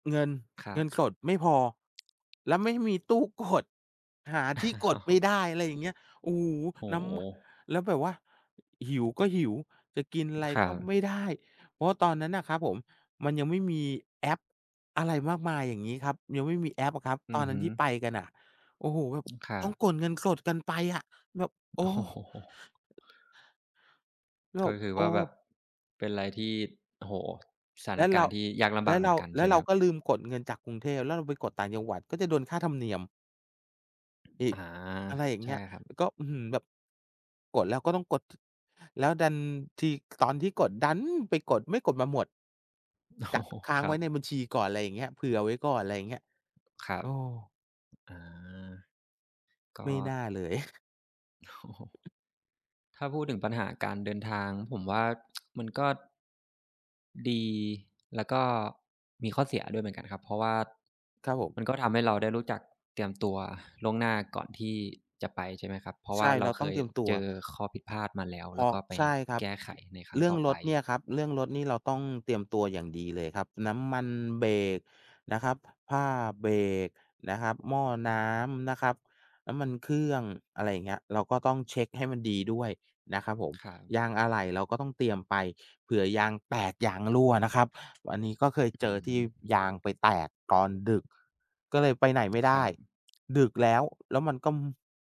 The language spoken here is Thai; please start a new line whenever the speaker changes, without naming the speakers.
เงิน
ครั
เงิน
บ
สดไม่พอ แล้วไม่มีตู้กด หาที่กดไม่
อ
ได
๋อ
้ อะไรอย่างเงี้ย โอ้โฮ
โอ้
น้ำ
โ
ม
ฮ
แล้วแบบว่า หิวก็หิว จะกินอะไร
ครั
ก็ไม่
บ
ได้ เพราะว่าตอนนั้นน่ะครับผมมันยังไม่มีแอปอะไรมากมาย อย่างงี้ครับ ยังไม่มีแอปอะครับ
อ
ต
ื
อน
อ
น
ฮ
ั้น
ึ
ที่ไปกันน่ะ โอ้โฮ แบบ
ครั
ต้อ
บ
งกดเงินสดกันไปอะ แบบ โอ
โอ
้
้โฮ
แล้
ก
ว
็คือ
โอ
ว
้
่าแบบ เป็นอะไรที่ โอ้โฮ สถา
แล
น
้ว
ก
เร
าร
า
ณ์ที่ยากล
แ
ำบ
ล
า
้
ก
ว
เหม
เ
ื
ร
อ
า
นกัน
แล
ใช
้
่
ว
ไห
เ
ม
รา
ครับ?
ก็ลืมกดเงินจากกรุงเทพ แล้วเราไปกดต่างจังหวัดก็จะโดนค่าธรรมเนียม อี
อ
ก
า
อะไรอย่าง
ใช
เง
่
ี้ย
ครับ
อ ก็ อื้อฮือ แบบกดแล้วก็ต้องกด ท แล้วดันที ตอนที่กดดันไปกด ไม่กดมาหมด
โอ้
กะ
โฮ
ค้า
ค
ง
ร
ไว
ั
้
บ
ในบัญชีก่อน ไรอย่างเงี้ย เผื่อไว้ก่อน ไรเงี้ย
ครั
โ
บ
อ้
อา ก
ไ
็
ม่น่าเลย
โอ้โฮ ถ้าพูดถึงปัญหาการเดินทาง ผมว่า มันก็ ดี แล้วก็มีข้อเสียด้วยเหมือนกันครับ เพราะว่า
ครับผ
มั
ม
นก็ทำให้เราได้รู้จักเตรียมตัวล่วงหน้าก่อนที่จะไป ใช่ไหมครับ? เพราะ
ใ
ว
ช
่า
่
เร
เ
า
รา
เค
ต้อง
ย
เตรียมตั
เจ
ว
อข้อผิดพลาดมาแล้ว
เพ
แ
ร
ล้
า
ว
ะ
ก็ไป
ใช่ครับ
แก้ไขในครั้
เร
ง
ื่อ
ต
ง
่อ
ร
ไป
ถเนี่ยครับ เรื่องรถนี่เราต้องเตรียมตัวอย่างดีเลยครับ น้ำมันเบรกนะครับ ผ้าเบรกนะครับ หม้อน้ำนะครับ น้ำมันเครื่อง อะไรเงี้ย เราก็ต้องเช็คให้มันดีด้วยนะครับผม
ครับ
ยางอะไหล่เราก็ต้องเตรียมไป เผื่อยางแตกยางรั่วนะครับ อันนี้ก็เ
อ
คยเ
อ
จ
ื
อที่
ม
ยางไปแตกตอนดึก ก็เลยไปไหน
อ
ไม่ไ
ค
ด
ร
้
ับ
ดึกแล้ว แล้วมันก็